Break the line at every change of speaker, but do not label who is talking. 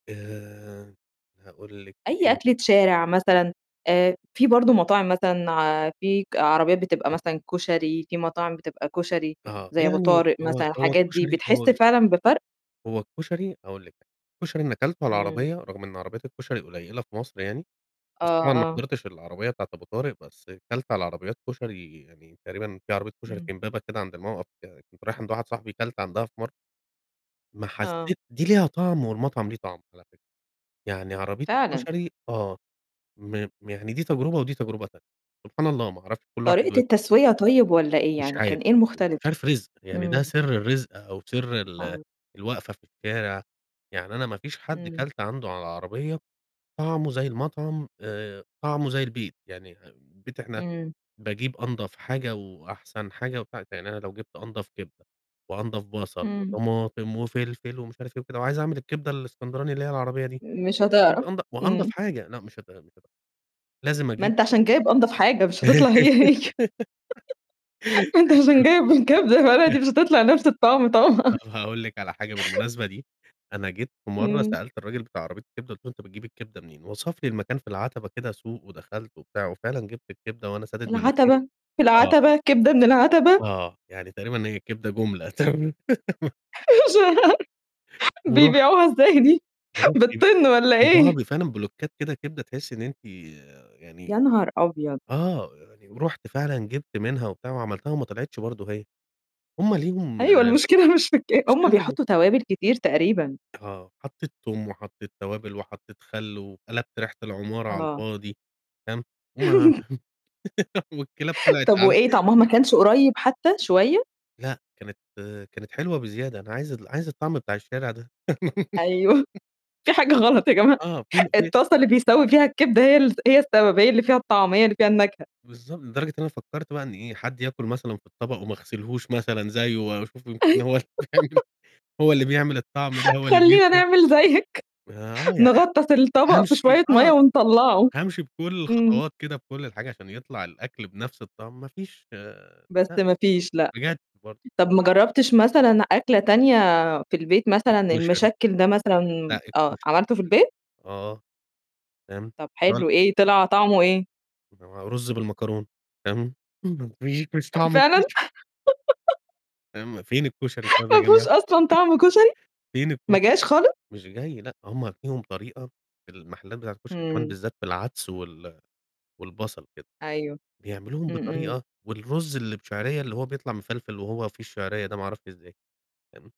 آآ، هاقول لِك
أي
إيه
أكلة شارع مثلًا، آآ في برضه
[unintelligible]
مطاعم مثلًا، في ك عربيات بتبقى مثلًا كشري، في مطاعم بتبقى كشري
آه،
زي أبو
يعني
طارق مثلًا
هو هو
الحاجات دي
كشري
بتحس
هو
فعلًا بفرق؟
هو الكشري هاقول لِك، الكشري اللي كلته على
إمم.
العربية رغم إن عربيات الكشري قليلة في مصر يعني،
آه،
بس طبعًا ما
آه.
حضرتش العربية بتاعة أبو طارق بس كلت على عربيات كشري يعني تقريبًا في عربية كشري
إمم.
في إمبابة كده عند موقَف كنت رايح عند واحد صاحبي كلت عندها في مر ما
آه.
حسّيت دي ليها طعم والمطعم ليه طعم على فكرة، يعني عربية
فعلًا.
الكشري آه، ما م يعني دي تجربة ودي تجربة تانية، سبحان الله ما أعرفش كل واحد
طريقة
ب
التسوية طيب والّا إيه،
مش
يعني كان
عارف
إيه
[unintelligible]
المختلف؟
مش عارف رزق يعني ده
إمم.
سر الرزق أو سر ال
[unintelligible]
الواقفة في الشارع، يعني أنا ما فيش حد
اهم.
كلت عنده على عربية طعمه زي المطعم آآ، طعمه زي البيت، يعني أم بيت إحنا
إمم.
باجيب أنضف حاجة وأحسن حاجة ومش عارف يعني أنا لو جبت أنضف كبدة وأنضف بصل
إمم.
وطماطم وفلفل ومش عارف إيه وكده وعايز أعمل الكبدة الإسكندراني اللي هي العربية دي
مش
وأجيب
هتعرف.
أنض وأنضف
إمم.
حاجة لأ مش [unintelligible] قبل كده، مش لازم
ما
أجيب
أنت عشان جايب أنضف حاجة، مش هتطلع هي، هي. ما أنت عشان جايب الكبدة بلدي مش هتطلع نَفْس الطعم
طَب
طبعًا.
هاقول لِك على حاجة بالمناسبة دي، أنا جيت في مرّة
إمم.
سألت الراجل بتاع عربية الكبدة قُلت له "أنت بتجيب الكبدة منين؟" وَصف لي المكان في العَتَبة كده سوق ودخلت وبتاع وفعلًا جبت الكبدة وأنا
في
سادد
العَتَبة،
مناخيري،
في
آه.
العَتَبة، كبدة من العَتَبة؟!
آه، يعني تقريبًا هي كدة جملة تر
مش هر
ورُحت
بيبيعوها إزاي دي،
ورُحت ب
بالطِن والّا
بيبوعوها
إيه؟
ب فعلًا بلوكّات كده كبدة تحسّي إن أنتِ يعني
يا نهار أبيض!
آه، يعني ورُحت فعلًا جبت منها وبتاع وعملتها وما طلعتش برضه هي، هم ليهم
أيوه،
المشكلة
المشكلة مش في الك هم
[unintelligible]
بيحطّوا توابل كتير تقريبًا.
آه، حطّيت توم وحطّيت توابل وحطّيت خل وقلبت ريحة العمارة على
آه.
الفاضي، فاهم وما والكلاب طلعت
طَب
عن
وإيه طعمها ما كانش قريّب حتى شوية؟
لأ، كانت كانت حلوة بزيادة، أنا عايز ال عايز الطعم بتاع الشارع ده.
أيوه. في حاجة غلط يا جماعة،
آه، في [unintelligible]
الطاسة اللي بيستوي فيها الكبدة هي الس هي السبب، اللي فيها الطعم، هي اللي فيها النكهة.
بالضب لدرجة إن أنا فكّرت بقى إن إيه، حد ياكُل مثلًا في الطبق وما غسلهوش مثلًا زيّه وأشوف يمكن هو اللي بيعمل، هو اللي بيعمل الطعم ده هو اللي
خلّينا
بيفرق.
نعمل زيّك،
ما آه، يعني
نغطّس الطبق في
فهامشي
شوية مَيّة
آه،
ونطلّعه.
هامشي بكل
إمم.
الخطوات كده بكل الحاجة عشان يطلع الأكل بنَفْس الطعم ما فيش
بس
لأ،
ما فيش لأ.
بجد برضه.
طَب ما جرّبتش مثلًا أكلة تانية في البيت مثلًا
الكشري.
المشكّل ده مثلًا
لأ،
آه،
الكشري.
عملته في البيت؟
آه. فاهم،
طَب
هو ال
حلو إيه، طلع طعمه إيه؟
ما ما رُز بالمكرونة فاهم، [unintelligible] مش
أ
طعمه
فعلًا؟
كشري. فاهم، فين الكشري طيب يا
ما فيهوش
جماعة،
أصلًا طعم كشري،
فين
ما
الكشري؟
جاش خالص؟
مش جاي لأ، هم ليهم طريقة المحلات بتاعة الكشري كمان
إمم.
بالذّات بالعدس وال والبصل كده.
أيوه.
بيعملوهم
إمم، إمم.
بطريقة والرز اللي بشعرية اللي هو بيطلع مِفلفِل وهو فيه الشعرية ده ما أعرفش إزاي، تمام؟